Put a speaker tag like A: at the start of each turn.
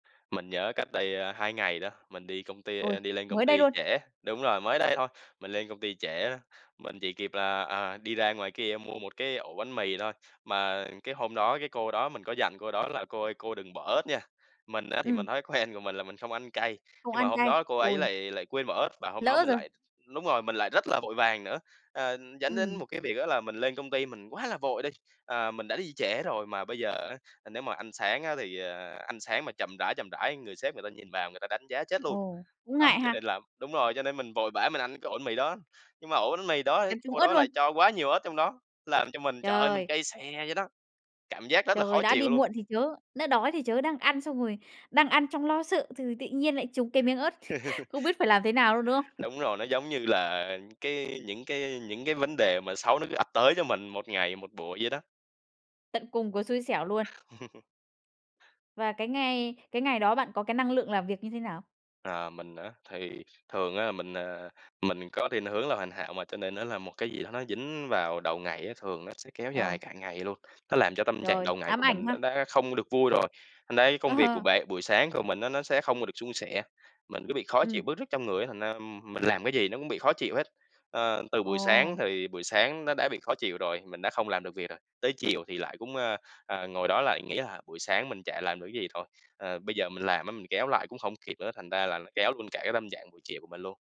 A: Mình nhớ cách đây, a, 2 ngày đó, mình đi công ty ê
B: Ôi,
A: đi lên công
B: mới đây
A: ty
B: luôn?
A: trễ đúng rồi, mới đây thôi, mình lên công ty trễ á. Mình chỉ kịp là, à, đi ra ngoài kia mua 1 cái ổ bánh mì thôi, mà cái hôm đó, cái cô đó mình có dặn cô đó là "Cô ơi, cô đừng bỏ ớt nha!" Mình á thì mình
B: Ừm.
A: thói quen của mình là mình không ăn cay,
B: Không
A: nhưng mà
B: ăn
A: hôm
B: cay,
A: đó cô ấy
B: ôi!
A: lại lại quên bỏ ớt, và hôm đó
B: Lỡ
A: mình
B: rồi.
A: lại đúng rồi, mình lại rất là vội vàng nữa. Ờ, dẫn đến
B: Ừm.
A: một cái việc á là mình lên công ty mình quá là vội đi, ờ, mình đã đi trễ rồi mà bây giờ á, ờ, nếu mà ăn sáng á thì, à, ăn sáng mà chậm rãi, chậm rãi người sếp người ta nhìn vào người ta đánh giá chết luôn.
B: Ồ, cũng
A: Đó,
B: ngại
A: cho nên
B: ha?
A: là đúng rồi, cho nên mình vội vã mình ăn cái ổ bánh mì đó. Nhưng mà ổ bánh mì đó ấy,
B: Cắn trúng
A: cô
B: ớt
A: đó
B: luôn?
A: lại cho quá nhiều ớt trong đó, làm cho mình, trời ơi, mình
B: Trời!
A: cay xè vậy đó, cảm giác rất là khó
B: Trời, đã đi
A: chịu luôn.
B: muộn thì chớ, nó đói thì chớ, đang ăn xong rồi đang ăn trong lo sợ thừ tị nhiên lại trúng cái miếng ớt, không biết phải làm thế nào luôn, đúng không?
A: Đúng rồi, nó giống như là cái những cái những cái vấn đề mà xấu nó cứ ập tới cho mình 1 ngày, 1 buổi vậy đó.
B: Tận cùng của xui xẻo luôn. Và cái ngày cái ngày đó bạn có cái năng lượng làm việc như thế nào?
A: Ờ, mình á, thì thường á mình, ờ, mình có thiên hướng là hoàn hảo mà, cho nên nó là một cái gì đó nó dính vào đầu ngày á, thường nó sẽ kéo
B: Ờ.
A: dài cả ngày luôn. Nó làm cho tâm trạng
B: Trời,
A: đầu ngày
B: ám
A: của
B: ảnh
A: mình nó
B: ha!
A: đã không được vui rồi, đấy, công việc của
B: Ờ.
A: bạn buổi sáng của mình á nó sẽ không được suôn sẻ. Mình cứ bị khó chịu,
B: Ừm.
A: bứt rứt trong người á, thành ra, ừm, mình làm cái gì nó cũng bị khó chịu hết. Ờ, từ buổi sáng
B: Ồ!
A: thì buổi sáng nó đã bị khó chịu rồi, mình đã không làm được việc rồi. Tới chiều thì lại cũng, ơ, ờ, ngồi đó lại nghĩ, à, buổi sáng mình chả làm được cái gì, thôi, ờ, bây giờ mình làm á mình kéo lại cũng hông kịp nữa, thành ra là nó kéo luôn cả cái tâm trạng buổi chiều của mình luôn.